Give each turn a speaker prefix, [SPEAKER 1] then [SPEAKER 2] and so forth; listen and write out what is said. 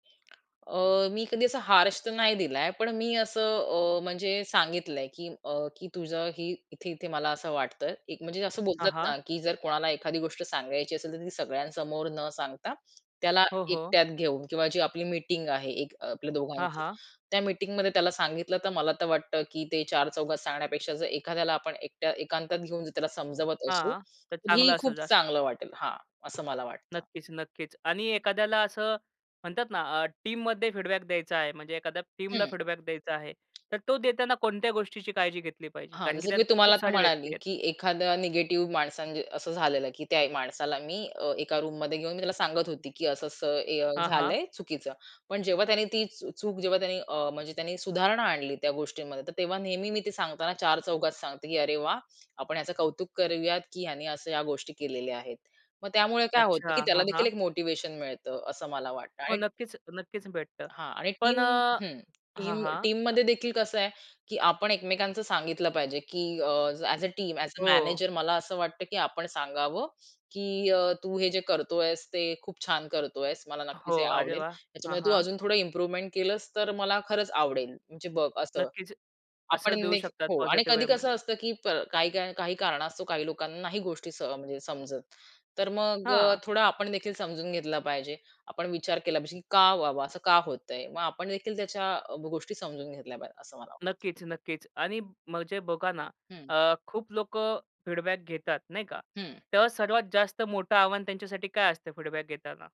[SPEAKER 1] अ, मी कधी असा हार्श तर नाही दिलाय पण मी असं अ, म्हणजे सांगितलंय, की अ, की तुझंही इथे-इथे मला असं वाटतंय. एक म्हणजे असं
[SPEAKER 2] हां,
[SPEAKER 1] बोलतात
[SPEAKER 2] हां.
[SPEAKER 1] ना, की जर कोणाला एखादी गोष्ट सांगायची असेल तर ती सगळ्यांसमोर न सांगता त्याला
[SPEAKER 2] हो, हो.
[SPEAKER 1] एकट्यात घेऊन किंवा जी आपली मिटिंग आहे एक आपल्या
[SPEAKER 2] हां,
[SPEAKER 1] दोघांची.
[SPEAKER 2] हां.
[SPEAKER 1] त्या मिटिंगमध्ये त्याला सांगितलं तर मला तर वाटतं की ते चार-चौघात सांगण्यापेक्षा जर एखाद्याला आपण एकट्या एकांतात घेऊन त्याला समजावत असू
[SPEAKER 2] हां, तर
[SPEAKER 1] तर ही
[SPEAKER 2] चांगलं असेल
[SPEAKER 1] खूप
[SPEAKER 2] जास्त.
[SPEAKER 1] चांगलं वाटेल. हां, असं मला वाटतं.
[SPEAKER 2] नक्कीच, नक्कीच आणि एखाद्याला असं म्हणतात ना, अ, टीममध्ये फीडबॅक द्यायचा आहे म्हणजे एखाद्या टीमला
[SPEAKER 1] हं.
[SPEAKER 2] फीडबॅक द्यायचा आहे. तर तो देताना कोणत्या गोष्टीची काळजी घेतली पाहिजे?
[SPEAKER 1] हां,
[SPEAKER 2] कारण की
[SPEAKER 1] जसं की
[SPEAKER 2] त्यात
[SPEAKER 1] मी तुम्हाला
[SPEAKER 2] खूप
[SPEAKER 1] आता
[SPEAKER 2] सारे व्यक्ती
[SPEAKER 1] म्हणाले,
[SPEAKER 2] आहेत.
[SPEAKER 1] की एखादा निगेटिव्ह माणसा असं झालेलं, की त्या माणसाला मी अ, एका रूममध्ये घेऊन मी त्याला सांगत होती, की असं-असं ए अ,
[SPEAKER 2] हां, हां.
[SPEAKER 1] झालंय चुकीचं. पण जेव्हा त्याने ती चू चूक जेव्हा अ, म्हणजे त्यांनी सुधारणा आणली त्या गोष्टींमध्ये तर तेव्हा नेहमी मी ते सांगताना चार-चौघात सांगते, की अरे, वाह, आपण ह्याचं कौतुक करूयात, की ह्याने असं ह्या गोष्टी केलेल्या आहेत. मग त्यामुळे काय होतं, की
[SPEAKER 2] अच्छा,
[SPEAKER 1] त्याला
[SPEAKER 2] हां,
[SPEAKER 1] देखील
[SPEAKER 2] हां.
[SPEAKER 1] एक मोटिव्हेशन मिळतं असं मला वाटतं
[SPEAKER 2] हो,
[SPEAKER 1] आणि
[SPEAKER 2] नक्कीच, नक्कीच भेटतं
[SPEAKER 1] हां आणि
[SPEAKER 2] पण
[SPEAKER 1] टीम
[SPEAKER 2] अ
[SPEAKER 1] हं,
[SPEAKER 2] हां,
[SPEAKER 1] टीम
[SPEAKER 2] हां.
[SPEAKER 1] टीममध्ये देखील कसं आहे, की आपण एकमेकांचं सांगितलं पाहिजे, की अ, as a team, as a
[SPEAKER 2] हो.
[SPEAKER 1] मॅनेजर मला असं वाटतं, की आपण सांगावं, की अ, "तू हे जे करतोयस ते खूप छान करतोयस. मला
[SPEAKER 2] हो,
[SPEAKER 1] नक्कीच हे
[SPEAKER 2] अरे,
[SPEAKER 1] आवडेल.
[SPEAKER 2] वाह! हां,
[SPEAKER 1] त्याच्यामध्ये तू
[SPEAKER 2] हां.
[SPEAKER 1] अजून थोडं इम्प्रूव्हमेंट केलंस तर मला खरंच आवडेल. म्हणजे बघ असं."
[SPEAKER 2] नक्कीच.
[SPEAKER 1] आपण
[SPEAKER 2] असं देऊ
[SPEAKER 1] ने
[SPEAKER 2] शकतात
[SPEAKER 1] हो आणि
[SPEAKER 2] पॉझिटिव्ह
[SPEAKER 1] कधी कसं
[SPEAKER 2] वेमध्ये.
[SPEAKER 1] असतं, की प काही कारण असतो काही लोकांना नाही गोष्टी म्हणजे सह समजत. तर मग अ,
[SPEAKER 2] हां.
[SPEAKER 1] थोडं आपण देखील समजून घेतलं पाहिजे. आपण विचार केला पाहिजे, की का बाबा असं का होतंय? मग आपण देखील त्याच्या गोष्टी समजून घेतल्या पाहिजे असं मला वाटतं.
[SPEAKER 2] नक्कीच, नक्कीच आणि म्हणजे बघा ना,
[SPEAKER 1] हं.
[SPEAKER 2] अ, खूप लोकं फीडबॅक घेतात नाही का
[SPEAKER 1] हं.
[SPEAKER 2] तर सर्वात जास्त मोठं आव्हान त्यांच्यासाठी काय असतं फीडबॅक घेताना?